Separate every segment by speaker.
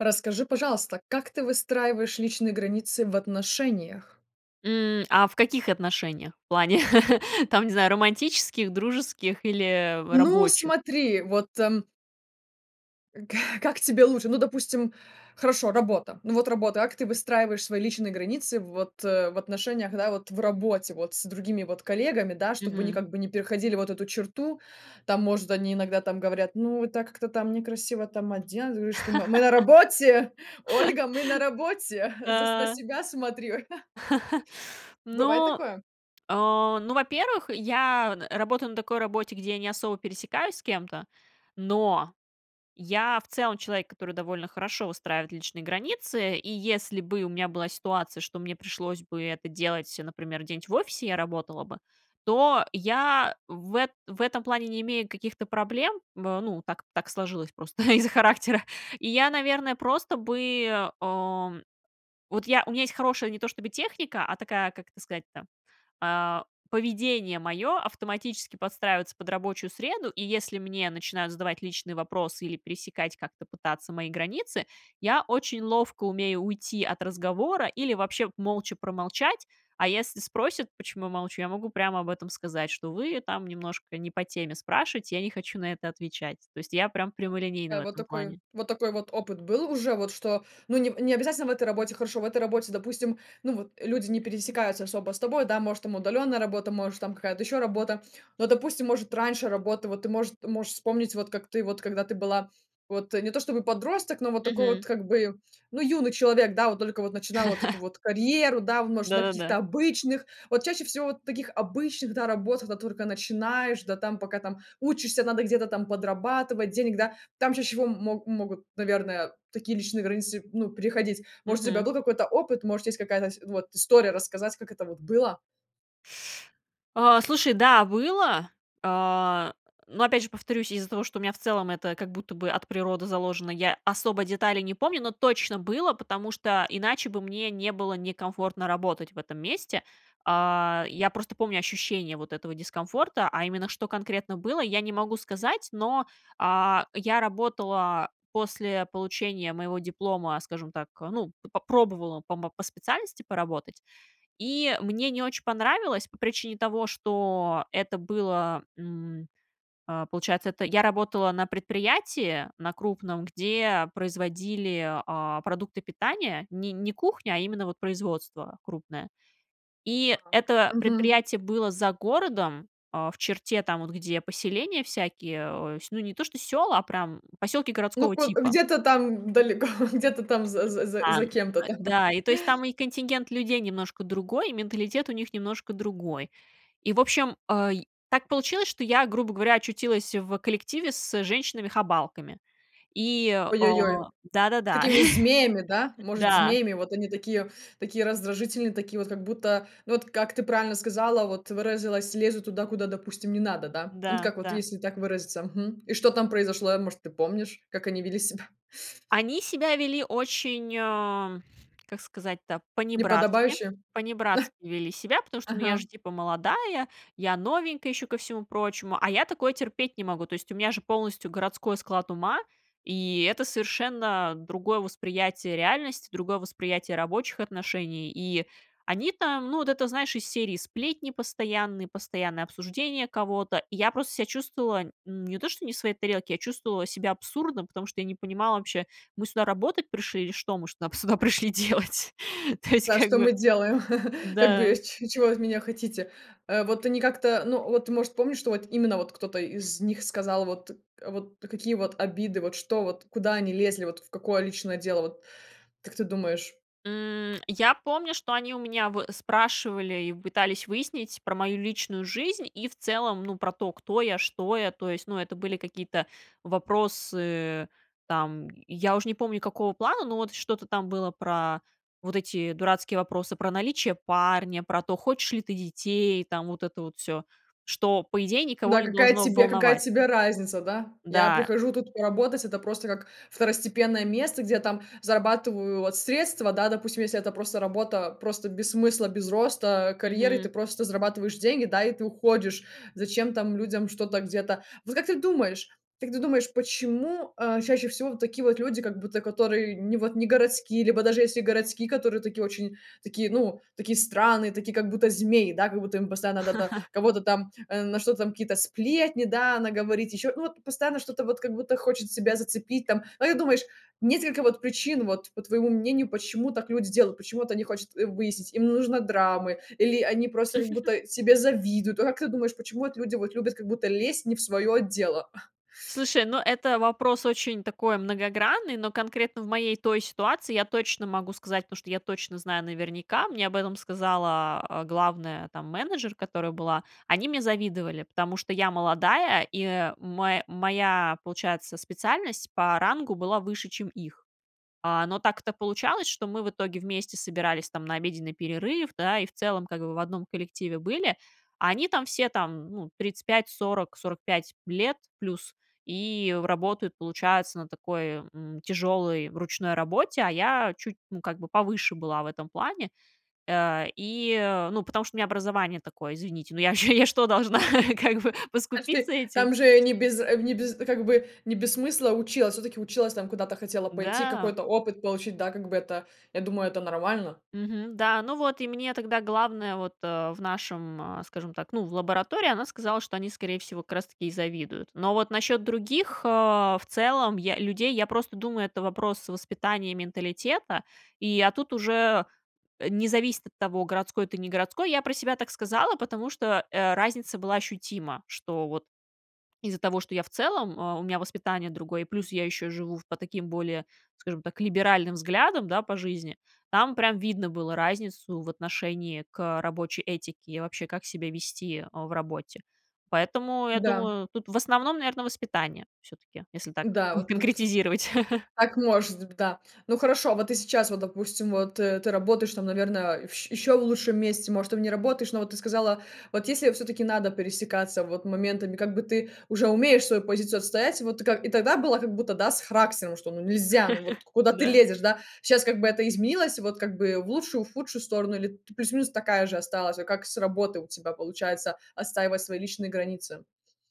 Speaker 1: Расскажи, пожалуйста, как ты выстраиваешь личные границы в отношениях?
Speaker 2: М. А в каких отношениях? В плане, там, не знаю, романтических, дружеских или, э, в
Speaker 1: Ну,
Speaker 2: рабочих?
Speaker 1: смотри, вот, эм К как тебе лучше? Ну, допустим, хорошо, работа, ну вот работа, как ты выстраиваешь свои личные границы вот, э, в отношениях, да, вот в работе, вот с другими вот коллегами, да, чтобы они
Speaker 2: Мгм.
Speaker 1: как бы не переходили вот эту черту? Там, может, они иногда там говорят: "Ну, это как-то там некрасиво там оденусь. Вы что, мы, мы на работе! Ольга, мы на работе, за с на
Speaker 2: А.
Speaker 1: себя смотрю." Бывает
Speaker 2: Ну,
Speaker 1: такое?
Speaker 2: а, ну, во-первых, я работаю на такой работе, где я не особо пересекаюсь с кем-то, но я, в целом, человек, который довольно хорошо выстраивает личные границы, и если бы у меня была ситуация, что мне пришлось бы это делать, например, где-нибудь в офисе, я работала бы, то я в эт в этом плане не имею каких-то проблем. В ну, так так сложилось просто из-за характера. И я, наверное, просто бы, ам, вот, я у меня есть хорошая не то чтобы техника, а такая, как это сказать-то, а, поведение моё автоматически подстраивается под рабочую среду, и если мне начинают задавать личные вопросы или пересекать как-то пытаться мои границы, я очень ловко умею уйти от разговора или вообще молча промолчать. А если спросят, почему я молчу, я могу прямо об этом сказать, что вы там немножко не по теме спрашиваете, я не хочу на это отвечать. То есть я прямо прямолинейна в
Speaker 1: А вот
Speaker 2: этом
Speaker 1: такой,
Speaker 2: плане.
Speaker 1: вот такой вот опыт был уже, вот что, ну, не не обязательно в этой работе, хорошо. В этой работе, допустим, ну вот, люди не пересекаются особо с тобой, да, может, там удалённая работа, может, там какая-то ещё работа, но, допустим, может, раньше работа, вот ты, может, можешь вспомнить, вот как ты, вот когда ты была вот не то чтобы подросток, но вот такой вот
Speaker 2: Мгм.
Speaker 1: как бы, ну, юный человек, да, вот только вот начинала вот эту вот карьеру, да, в, может, на каких-то
Speaker 2: Да-да-да.
Speaker 1: обычных, вот чаще всего вот таких обычных, да, работах, когда только начинаешь, да, там, пока там учишься, надо где-то там подрабатывать денег, да. Там чаще всего м мо могут, наверное, такие личные границы, ну, приходить, может, у тебя
Speaker 2: Мгм.
Speaker 1: был какой-то опыт, может, есть какая-то сь вот история рассказать, как это вот было?
Speaker 2: А, слушай, да, было, а, но опять же повторюсь, из-за того, что у меня в целом это как будто бы от природы заложено, я особо деталей не помню, но точно было, потому что иначе бы мне не было некомфортно работать в этом месте, а. Я просто помню ощущение вот этого дискомфорта, а именно, что конкретно было, я не могу сказать, но, а, я работала после получения моего диплома, скажем так, ну, попробовала по мо по специальности поработать, и мне не очень понравилось по причине того, что это было, м, а, получается, это я работала на предприятии на крупном, где производили, а, продукты питания, не не кухня, а именно вот производство крупное. И
Speaker 1: А,
Speaker 2: это
Speaker 1: мгм.
Speaker 2: предприятие было за городом, а в черте там вот, где поселения всякие, ось, ну, не то что сёла, а прям поселки
Speaker 1: Ну,
Speaker 2: городского
Speaker 1: ко
Speaker 2: типа.
Speaker 1: где-то там д далеко, где-то там за за за за
Speaker 2: [unintelligible]
Speaker 1: кем-то там?
Speaker 2: .Да, и то есть там и контингент людей немножко другой, и менталитет у них немножко другой, и, в общем, ай, так получилось, что я, грубо говоря, очутилась в коллективе с женщинами-хабалками, и, а,
Speaker 1: Ой-ой-ой,
Speaker 2: да-да-да,
Speaker 1: такими змеями, да, может,
Speaker 2: да.
Speaker 1: змеями, вот они такие, такие раздражительные, такие вот, как будто, ну вот, как ты правильно сказала, вот, выразилась, лезут туда, куда, допустим, не надо, да? Ну вот
Speaker 2: Да,
Speaker 1: как вот,
Speaker 2: да.
Speaker 1: если так выразиться. Мгм. И что там произошло, может, ты помнишь, как они вели себя?
Speaker 2: Они себя вели очень, а, как сказать-то, панибратски.
Speaker 1: Неподобающе?
Speaker 2: Панибратски вели себя, потому что, ну, я
Speaker 1: Ага.
Speaker 2: же типа молодая, я новенькая еще ко всему прочему, а я такое терпеть не могу. То есть у меня же полностью городской склад ума, и это совершенно другое восприятие реальности, другое восприятие рабочих отношений. И они там, ну, вот это, знаешь, из серии сплетни постоянные, постоянные обсуждения кого-то. И я просто себя чувствовала не то что не в своей тарелке, я чувствовала себя абсурдно, потому что я не понимала вообще, мы сюда работать пришли или что мы шнап сюда пришли делать? То есть
Speaker 1: Да,
Speaker 2: как
Speaker 1: что
Speaker 2: бы,
Speaker 1: мы делаем? Как
Speaker 2: да.
Speaker 1: бы ч чего вы от меня хотите? Э, вот они как-то, ну вот, может, помнишь, что вот именно вот кто-то из них сказал, вот вот какие вот обиды, вот что, вот куда они лезли, вот в какое личное дело, вот как ты думаешь?
Speaker 2: М, я помню, что они у меня вот спрашивали и пытались выяснить про мою личную жизнь и в целом, ну, про то, кто я, что я. То есть, ну, это были какие-то вопросы, там, я уж не помню, какого плана, но вот что-то там было про вот эти дурацкие вопросы про наличие парня, про то, хочешь ли ты детей, там, вот это вот всё, что, по идее, никого
Speaker 1: Да
Speaker 2: не
Speaker 1: какая
Speaker 2: должно
Speaker 1: тебе какая
Speaker 2: волновать.
Speaker 1: тебе разница, да? Я
Speaker 2: Да.
Speaker 1: прихожу тут поработать, это просто как второстепенное место, где я там зарабатываю вот средства. Да, допустим, если это просто работа просто без смысла, без роста, карьеры, ты
Speaker 2: Мгм.
Speaker 1: просто зарабатываешь деньги, да, и ты уходишь. Зачем там людям что-то где-то? Вот как ты думаешь как ты думаешь, почему, а, чаще всего такие вот люди, как будто которые не вот не городские, либо даже если городские, которые такие очень такие, ну такие странные, такие как будто змеи, да, как будто им постоянно надо там кого-то там, э, на что там какие-то сплетни, да, она говорит ещё, ну вот постоянно что-то вот как будто хочет себя зацепить там. А как ты думаешь, несколько вот причин вот, по твоему мнению, почему так люди делают, почему вот они хочат выяснить, им нужно драмы, или они просто как будто тебе завидуют? Ну вот как ты думаешь, почему вот люди вот любят как будто лезть не в свое дело?
Speaker 2: Слушай, ну, это вопрос очень такой многогранный, но конкретно в моей той ситуации я точно могу сказать, потому что я точно знаю наверняка, мне об этом сказала главная там менеджер, которая была, они мне завидовали, потому что я молодая, и мо моя, получается, специальность по рангу была выше, чем их. А, но так-то получалось, что мы в итоге вместе собирались там на обеденный перерыв, да, и в целом, как бы, в одном коллективе были, а они там все там, ну, 35-40-45 лет плюс, и работают, получается, на такой, м, тяжелой ручной работе, а я чуть, ну, как бы, повыше была в этом плане, э, и, ну, потому что у меня образование такое, извините, ну, я что, должна, как бы,
Speaker 1: А если
Speaker 2: поскупиться этим?
Speaker 1: там же не без не без как бы, не без смысла училась, всё-таки училась там, куда-то хотела пойти,
Speaker 2: Да.
Speaker 1: какой-то опыт получить, да, как бы, это, я думаю, это нормально.
Speaker 2: Мгм. Да, ну вот и мне тогда главное вот в нашем, скажем так, ну, в лаборатории, она сказала, что они, скорее всего, как раз таки завидуют. Но вот насчет других, в целом, людей, я просто думаю, это вопрос воспитания, менталитета, и, а тут уже не зависит от того, городской ты, не городской. Я про себя так сказала, потому что разница была ощутима, что вот из-за того, что я в целом, у меня воспитание другое, плюс я еще живу по таким более, скажем так, либеральным взглядам, да, по жизни, там прям видно было разницу в отношении к рабочей этике, и вообще как себя вести в работе. Поэтому, я
Speaker 1: Да.
Speaker 2: думаю, тут в основном, наверное, воспитание все-таки, если так
Speaker 1: Да,
Speaker 2: не
Speaker 1: вот тут.
Speaker 2: конкретизировать.
Speaker 1: Так может б да. Ну хорошо, вот ты сейчас, вот, допустим, вот, э, ты работаешь, там, наверное, вщ ещё в лучшем месте, может, там не работаешь, но вот ты сказала, вот если я всё-таки надо пересекаться вот моментами, как бы ты уже умеешь свой позицию отстоять, вот, и ка и тогда было как будто, да, с характером, что, ну, нельзя, ну вот куда ты
Speaker 2: Да.
Speaker 1: лезешь, да, сейчас как бы это изменилось вот как бы в лучшую, худшую сторону или т плюс-минус такая же осталась, вот как с работы у тебя получается отстаивать свои личные границы.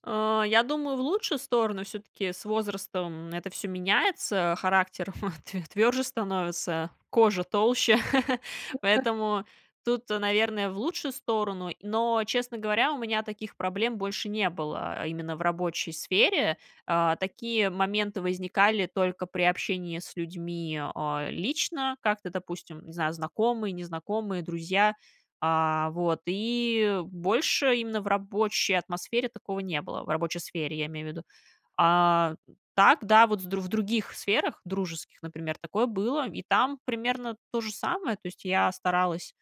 Speaker 2: А. Я думаю, в лучшую сторону. Все-таки с возрастом это все меняется. Характер тв тверже становится, кожа толще. Поэтому тут, наверное, в лучшую сторону. Но, честно говоря, у меня таких проблем больше не было именно в рабочей сфере. А, такие моменты возникали только при общении с людьми, а, лично, как-то, допустим, не знаю, знакомые, незнакомые, друзья, а, вот, и больше именно в рабочей атмосфере такого не было, в рабочей сфере, я имею в виду. А так, да, вот с в других сферах дружеских, например, такое было, и там примерно то же самое. То есть я старалась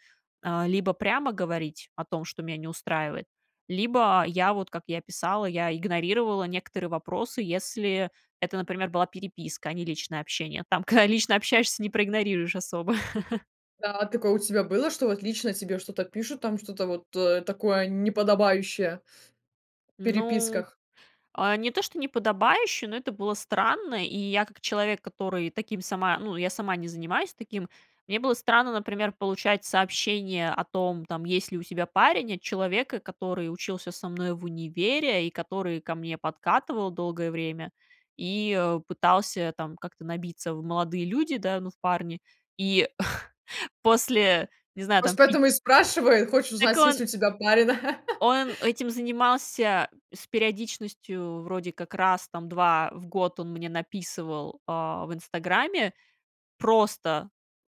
Speaker 2: либо прямо говорить о том, что меня не устраивает, либо я вот, как я писала, я игнорировала некоторые вопросы, если это, например, была переписка, а не личное общение. Там, когда лично общаешься, не проигнорируешь особо.
Speaker 1: Да, такое у тебя было, что вот лично тебе что-то пишут там, что-то вот, э, такое неподобающее в
Speaker 2: Ну,
Speaker 1: переписках?
Speaker 2: а не то, что неподобающе, но это было странно. И я, как человек, который таким сама ну, я сама не занимаюсь таким, мне было странно, например, получать сообщения о том, там, есть ли у тебя парень, от человека, который учился со мной в универе и который ко мне подкатывал долгое время и, э, пытался там как-то набиться в молодые люди, да, ну, в парни. И после, не знаю,
Speaker 1: Может,
Speaker 2: там пит
Speaker 1: поэтому и спрашивает, хочет
Speaker 2: Так
Speaker 1: узнать, есть
Speaker 2: он
Speaker 1: ли у тебя парень.
Speaker 2: Он этим занимался с периодичностью, вроде как, раз, там, два раза в год он мне написывал, а, в "Инстаграме" просто: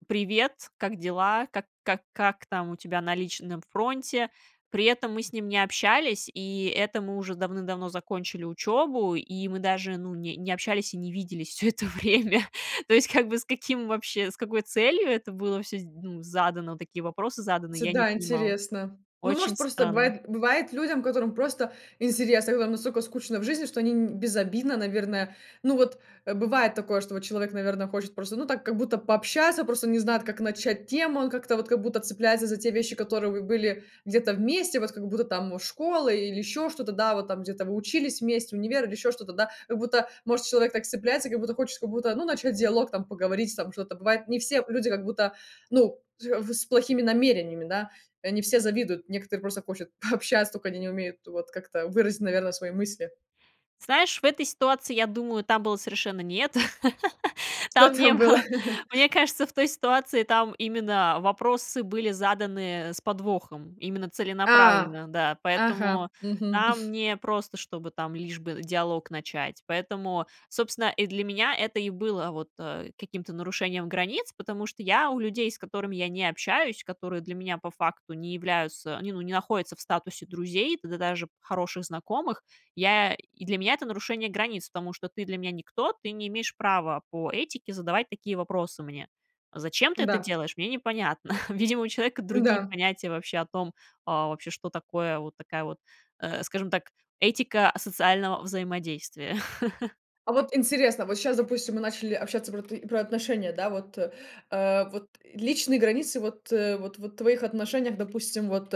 Speaker 2: "Привет, как дела? Как как как там у тебя на личном фронте?" При этом мы с ним не общались, и это мы уже давным-давно закончили учебу, и мы даже, ну, не не общались и не виделись всё это время. То есть, как бы, с каким вообще с какой целью это было всё, ну, задано, такие вопросы заданы,
Speaker 1: Ти
Speaker 2: я не
Speaker 1: да,
Speaker 2: понимала.
Speaker 1: интересно. Ну, может,
Speaker 2: Очень
Speaker 1: просто
Speaker 2: странно.
Speaker 1: бывает бывает людям, которым просто интересно, которым настолько скучно в жизни, что они безобидно, наверное, ну вот, э, бывает такое, что вот человек, наверно, хочет просто, ну так как будто пообщаться, просто не знает, как начать тему, он как-то вот как будто цепляется за те вещи, которые были где-то вместе, вот как будто там школы или еще что-то, да, вот там где-то вы учились вместе, универ или еще что-то, да. Как будто, может, человек так цепляется, как будто хочет, как будто, ну, начать диалог, там поговорить, там что-то. Бывает, не все люди как будто, ну, тя с плохими намерениями, да. Э, не все завидуют, некоторые просто хотят пообщаться, только они не умеют вот как-то выразить, наверное, свои мысли.
Speaker 2: Знаешь, в этой ситуации, я думаю, там было совершенно не это.
Speaker 1: Что
Speaker 2: Там не
Speaker 1: там было?
Speaker 2: было. Мне кажется, в той ситуации там именно вопросы были заданы с подвохом, именно
Speaker 1: А,
Speaker 2: целенаправленно, да.
Speaker 1: ага,
Speaker 2: Поэтому
Speaker 1: мгм.
Speaker 2: там не просто, чтобы там лишь бы диалог начать, поэтому, собственно, и для меня это и было вот, э, каким-то нарушением границ, потому что я у людей, с которыми я не общаюсь, которые для меня по факту не являются, ну, не находятся в статусе друзей, да даже хороших знакомых, я и для меня это нарушение границ, потому что ты для меня никто, ты не имеешь права по этике задавать такие вопросы мне. Зачем ты это
Speaker 1: Да.
Speaker 2: делаешь, мне непонятно. Видимо, у человека другие
Speaker 1: Да.
Speaker 2: понятия вообще о том, а, вообще, что такое вот такая вот, э, скажем так, этика асоциального взаимодействия.
Speaker 1: А вот интересно, вот щас, допустим, мы начали общаться про ты про отношения, да, вот, э, вот личные границы, вот, э, вот, вот твоих отношениях, допустим, вот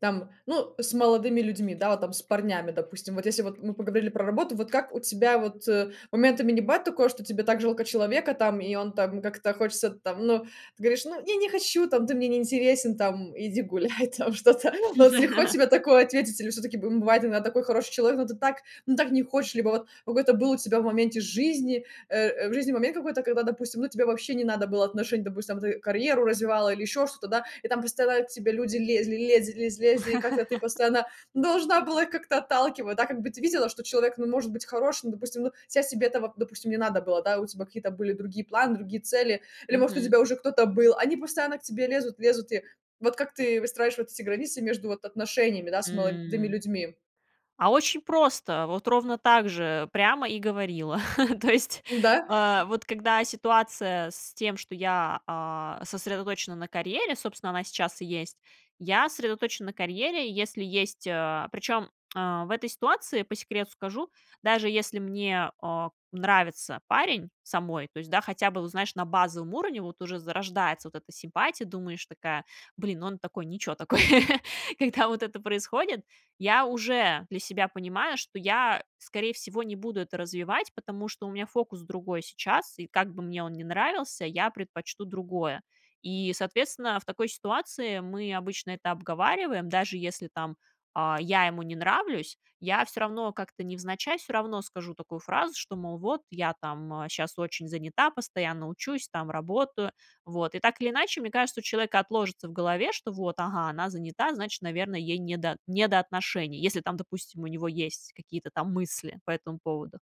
Speaker 1: там, ну, с молодыми людьми, да, вот там, с парнями, допустим. Вот если вот мы поговорили про работу, вот как у тебя вот, э, моментами не бывает такое, что тебе так жалко человека там, и он там как-то хочется там, ну, ты говоришь: "Ну, я не хочу", там, "Ты мне не интересен", там, "Иди гуляй", там, что-то. Но вот легко тебе такое ответить, или всё-таки бым бывает иногда такой хороший человек, но ты так, ну так не хочешь, либо вот какой-то был у тебя в моменте жизни, э, э, в жизни момент какой-то, когда, допустим, ну тебе вообще не надо было отношений, допустим, ты карьеру развивала или ещё что-то, да? И там постоянно к тебе люди лезли, лез лиз лезли, и как-то ты постоянно должна была их как-то отталкивать, да? Как бы ты видела, что человек, ну, может быть хороший, но, допустим, ну, сейчас тебе этого, допустим, не надо было, да? У тебя какие-то были другие планы, другие цели, или, может, у
Speaker 2: Мгм.
Speaker 1: тебя уже кто-то был, они постоянно к тебе лезут, лезут, и вот как ты выстраиваешь вот эти границы между вот отношениями, да, с молодыми
Speaker 2: М.
Speaker 1: людьми?
Speaker 2: А очень просто. Вот ровно так же прямо и говорила. То есть,
Speaker 1: Да?
Speaker 2: а вот когда ситуация с тем, что я, а, сосредоточена на карьере, собственно, она сейчас и есть, я сосредоточена на карьере, и если есть, а, причем, а, в этой ситуации, по секрету скажу, даже если мне, а, нравится парень самой, то есть, да, хотя бы, вот знаешь, на базовом уровне вот уже зарождается вот эта симпатия, думаешь такая: "Блин, он такой, ниче такой". Когда вот это происходит, я уже для себя понимаю, что я, скорей всего, не буду это развивать, потому что у меня фокус другой сейчас, и как бы мне он ни нравился, я предпочту другое. И, соответственно, в такой ситуации мы обычно это обговариваем, даже если, там, а, я ему не нравлюсь, я всё равно как-то невзначай, всё равно скажу такую фразу, что, мол, вот, я, там, а, щас очень занята, постоянно учусь, там, работаю. Вот. И так или иначе, мне кажется, у человека отложится в голове, что вот, ага, она занята, значит, наверно, ей не до не до отношений. Если там, допустим, у него есть какие-то там мысли по этому поводу.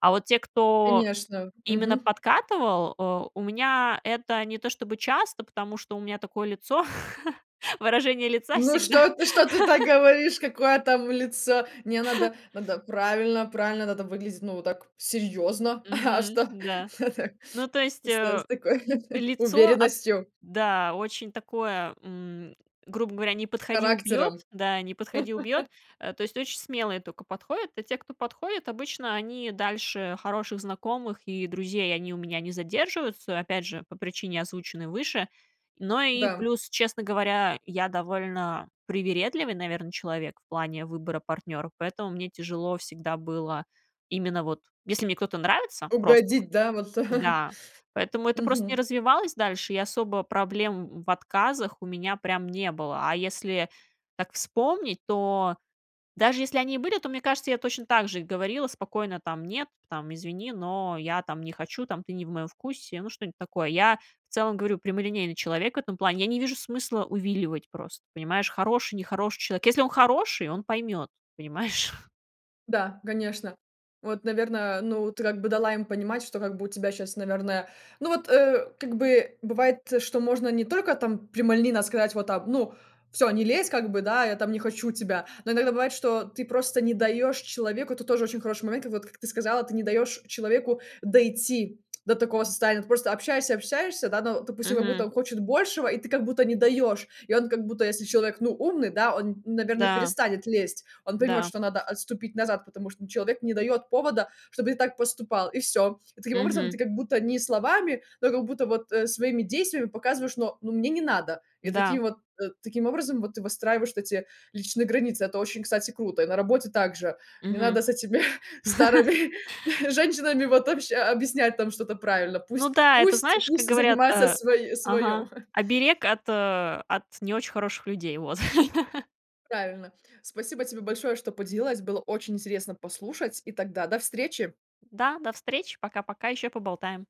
Speaker 2: А вот те, кто
Speaker 1: Конечно.
Speaker 2: именно
Speaker 1: Мгм.
Speaker 2: подкатывал, э, у меня это не то чтобы часто, потому что у меня такое лицо, выражение лица
Speaker 1: Ну
Speaker 2: всегда.
Speaker 1: что ты, что ты так говоришь? Какое там лицо? Мне надо надо правильно правильно надо выглядеть, ну вот так серьёзно, а
Speaker 2: Мгм,
Speaker 1: что?
Speaker 2: да. Ну, то есть,
Speaker 1: С э
Speaker 2: э,
Speaker 1: с такой
Speaker 2: лицо от,
Speaker 1: уверенностью.
Speaker 2: да, очень такое, м, грубо говоря, "не подходи-убьет",
Speaker 1: Характером.
Speaker 2: да, "не подходи-убьет". Э, то есть, очень смелые только подходят. А те, кто подходит, обычно они дальше хороших знакомых и друзей они у меня не задерживаются, опять же, по причине, озвученной выше. Но и
Speaker 1: Да.
Speaker 2: плюс, честно говоря, я довольно привередливый, наверно, человек в плане выбора партнера, поэтому мне тяжело всегда было именно вот, если мне кто-то нравится просто вот,
Speaker 1: Угодить, да, вот?
Speaker 2: да, поэтому это просто не
Speaker 1: Мгм.
Speaker 2: развивалось дальше, и особо проблем в отказах у меня прям не было. А если так вспомнить, то даже если они и были, то мне кажется, я точно так же и говорила спокойно там: "Нет, там, извини, но я там не хочу, там, ты не в моем вкусе", ну, что-нибудь такое. Я, в целом, говорю, прямолинейный человек в этом плане. Я не вижу смысла увиливать просто, понимаешь? Хороший, нехороший человек. Если он хороший, он поймет, понимаешь?
Speaker 1: Да, конечно. Вот, наверно, ну, ты как бы дала им понимать, что как бы у тебя сейчас, наверное, ну вот, э, как бы бывает, что можно не только там прямолинейно сказать: "Ну всё, не лезь". Как бы, да, я там не хочу тебя. Но иногда бывает, что ты просто не даешь человеку Это тоже очень хороший момент. Вот как ты сказала, ты не даешь человеку дойти до такого состояния. Ты просто общаешься, общаешься, да, ну, допустим, как будто
Speaker 2: Мгм.
Speaker 1: он хочет большего, и ты как будто не даешь. И он как будто, если человек, ну, умный, да, он, наверно,
Speaker 2: Да.
Speaker 1: перестанет лезть. Он поймет,
Speaker 2: Да.
Speaker 1: что надо отступить назад, потому что человек не дает повода, чтобы ты так поступал, и всё. И таким образом
Speaker 2: Мгм.
Speaker 1: ты как будто не словами, но как будто бы вот своими действиями показываешь: "Но ну, мне не надо". И таким
Speaker 2: Да.
Speaker 1: вот э, таким образом вот ты выстраиваешь вот эти личные границы. Это очень, кстати, круто. И на работе также не
Speaker 2: Мгм.
Speaker 1: надо с этими старыми женщинами вот обща объяснять там что-то правильно.
Speaker 2: Ну
Speaker 1: Пусть,
Speaker 2: да, это,
Speaker 1: пусть,
Speaker 2: знаешь, как
Speaker 1: пусть
Speaker 2: говорят,
Speaker 1: занимаются
Speaker 2: э ага,
Speaker 1: своём.
Speaker 2: оберег от от не очень хороших людей. Вот.
Speaker 1: Правильно, спасибо тебе большое, что поделилась, было очень интересно послушать, и тогда до встречи.
Speaker 2: Да, до встречи. Пока-пока. Еще поболтаем.